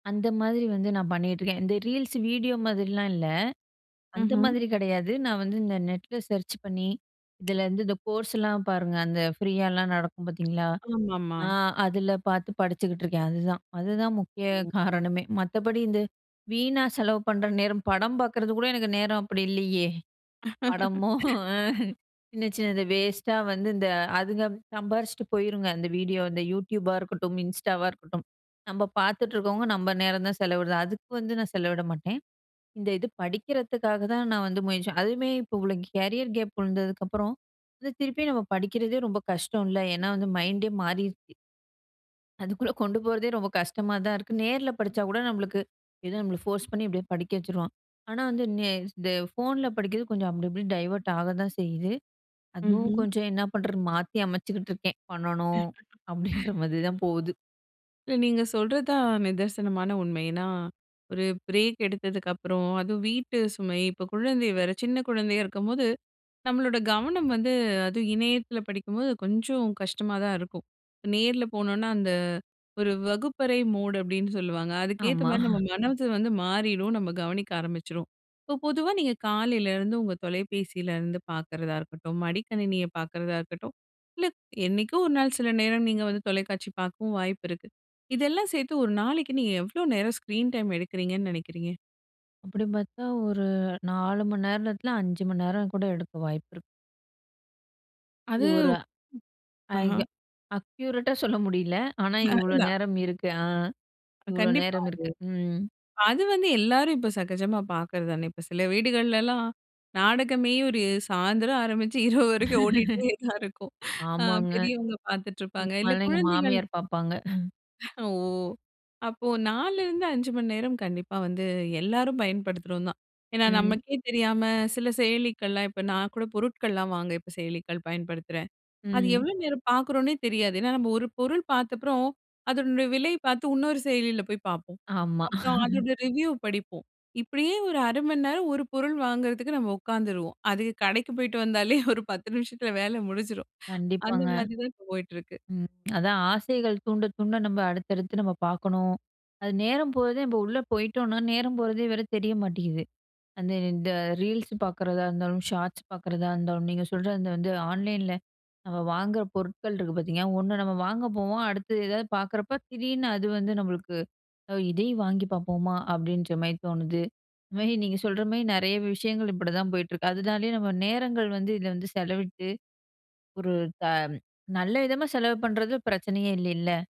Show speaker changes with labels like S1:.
S1: அந்த மாதிரி வந்து நான் பண்ணிகிட்டுருக்கேன். இந்த ரீல்ஸ் வீடியோ மாதிரிலாம் இல்ல, அந்த
S2: ம்ஹ்ம்.
S1: மாதிரி கிடையாது. நான் வந்து இந்த நெட்ல சர்ச் பண்ணி, இதலருந்து இந்த கோர்ஸ்லாம் பாருங்க, அந்த ஃப்ரீயாலாம் நடக்கும் பாத்தீங்களா?
S2: ஆமாமா.
S1: ஆ அதில பாத்து படிச்சுக்கிட்டுருக்கேன், அதுதான். அதுதான் முக்கிய காரணமே, மத்தபடி இந்த வீணா செலவு பண்ணுற நேரம், படம் பாக்குறது கூட எனக்கு நேரம் அப்படி இல்லையே! படமும் அ. சின்ன சின்னது வேஸ்ட்டா வந்து, இந்த அதுங்க சம்பாரிச்சுட்டு போயிருங்க. அந்த வீடியோ இந்த Youtubeபா இருக்கட்டும், Instaவா இருக்கட்டும், நம்ப பாத்துட்டு இருக்கவங்க, நம்ப நேரம் தான் செலவிடுறது. அதுக்கு வந்து நான் செலவிட மாட்டேன். இந்த இது படிக்கிறதுக்காக தான் நான் வந்து முயற்சி அதுவுமே இப்போ இவ்வளோ கேரியர் கேப் விழுந்ததுக்கு அப்புறம் வந்து, திருப்பியும் நம்ம படிக்கிறதே ரொம்ப கஷ்டம் இல்ல! ஏன்னா வந்து மைண்டே மாறிருச்சு. அதுக்குள்ள கொண்டு போறதே ரொம்ப கஷ்டமா தான் இருக்கு. நேர்ல படிச்சா கூட நம்பளுக்கு, ஏதோ நம்மள ஃபோர்ஸ் பண்ணி எப்டியோ படிக்க வச்சுரூவான். ஆனா வந்து, நே ஸ் தே இந்த ஃபோன்ல படிக்கிறது, கொஞ்சம் அப்டி இப்டின்னு டைவர்ட் ஆகதான் செய்யுது. அதுவும்
S2: ம்ஹ்ம்.
S1: கொஞ்சம் என்ன பண்ணுறது? மாத்தி அமைச்சுக்கிட்ருக்கேன். பண்ணணும், அப்படின்ற மாதிரி தான் போகுது.
S2: இல்ல, நீங்க சொல்றது தான் நிதர்சனமான உண்மை. ஏன்னா ஒரு பிரேக் எடுத்ததுக்கு அப்புறம், அதுவும் வீட்டு சுமை, இப்போ குழந்தை வேற, சின்ன குழந்தையா இருக்கும்போது, நம்மளோட கவனம் வந்து, அதும் இணையத்தில படிக்கும்போது, கொஞ்சம் கஷ்டமா தான் இருக்கும். இப்ப நேர்ல போனோம்ன்னா, அந்த ஒரு வகுப்பறை மோட், அப்டின்னு சொல்லுவாங்க. அதுக்கேத்த
S1: ஆமா.
S2: மாரி நம்ம மனது வந்து மாறிரும். நம்ம கவனிக்க ஆரம்பிச்சுருவோம். இப்போ பொதுவா நீங்க காலையிலருந்து உங்க தொலைபேசியிலருந்து பாக்கிறதா இருக்கட்டும், மடிக்கணினிய பாக்கிறதா இருக்கட்டும், இல்லை என்னைக்கோ ஒரு நாள் சில நேரம் நீங்க வந்து தொலைக்காட்சி பாக்கவும் வாய்ப்பு இருக்கு. இதெல்லாம் சேத்து 1 நாளைக்கு நீங்க எவ்வளோ நேரம் ஸ்கிரீன் டைம் எடுக்கறீங்கன்னு நெனைக்கிறீங்க?
S1: அப்படின்னு பாத்தா, ஒரு 4 மணி நேரத்தில 5 மணி நேரம் கூட எடுக்க வாய்ப்பு இருக்கு.
S2: அது,
S1: இது ஒரு, ஐ க
S2: ஆஹ,
S1: அக்யூரட்டா சொல்ல முடியல. ஆனா
S2: [unintelligible]
S1: இவ்வளோ
S2: இல்ல.
S1: நேரம் இருக்கு. ஆ,
S2: அ
S1: இவ்வளோ
S2: கண்டிப்பா.
S1: நேரம் இருக்கு. ம்.
S2: அது வந்து எல்லாரும் இப்போ சகஜமா பாக்குறது தானே! இப்போ சில வீடுகள்லலாம், நாடகமே ஒரு சாயந்திரம் ஆரம்பிச்சு இரவு வரைக்கும் ஓடிகிட்டே தான் இருக்கும். அ
S1: ஆமாங்க.
S2: பெரியவங்க பாத்துட்டுருப்பாங்க,
S1: இந்த
S2: இல்ல
S1: மாதிரிலாம் எங்க
S2: குழந்தைகள்
S1: மாமியார் பாப்பாங்க.
S2: ஓ! அப்போ 4லருந்து 5 மணி நேரம் கண்டிப்பா வந்து எல்லாரும் பயன்படுத்துறோம் தான். ஏன்னா
S1: ம்.
S2: நமக்கே தெரியாம சில செயலிகள்லாம், இப்போ நான் கூட பொருட்கள்லாம் வாங்க இப்ப செயலிகள் பயன்படுத்துறேன். அது
S1: ம்.
S2: எவ்வளோ நேரம் பாக்கறோம்ன்னே தெரியாது. ஏன்னா நம்ம ஒரு பொருள் பாத்தப்றோம், அதனுடைய விலையை பாத்து இன்னொரு செயலியில போய் பாப்போம்.
S1: ஆமா.
S2: அப்புறம் அதோட ரெவ்யூ படிப்போம். இப்படியே ஒரு 1/2 மணிநேரம் ஒரு பொருள் வாங்குறதுக்கு நம்ம உக்காந்துருவோம். அது கடைக்கு போய்ட்டு வந்தாலே, ஒரு 10 நிமிஷத்தில வேலை முடிஞ்சிரும். அந்த
S1: கண்டிப்பாங்க.
S2: மாதிரி தான் போயிட்டு இருக்கு.
S1: அதான் ஆசைகள் தூண்ட தூண்ட, நம்ம அடுத்தடுத்து நம்ம பாக்கணும். அது நேரம் போறதே, நம்ப உள்ள போயிட்டோம்ன்னா, நேரம் போறதே வேற தெரிய மாட்டேங்குது. அந்த இந்த ரீல்ஸ் பாக்குறதா இருந்தாலும், ஷார்ட்ஸ் பாக்குறதா இருந்தாலும், நீங்க சொல்ற அந்த வந்து ஆன்லைன்ல நம்ம வாங்குற பொருட்கள் இருக்கு பாத்தீங்கன்னா, ஒண்ணு நம்ம வாங்க போவோம். அடுத்து எதாவது பாக்குறப்போ, திடீர்னு அது வந்து நம்பளுக்கு, அ "இதையும் வாங்கி பாப்போமா?" அப்படின்ற மாரி தோணுது. இது மாரி நீங்க சொல்ற மாரி நெறைய விஷயங்கள், இப்படி தான் போயிட்டு இருக்கு. அதுனாலேயே நம்ம நேரங்கள் வந்து இதில வந்து செலவிட்டு, ஒரு த நல்ல விதமா செலவு பண்ணுறது பிரச்சனையே இல்லைல்ல!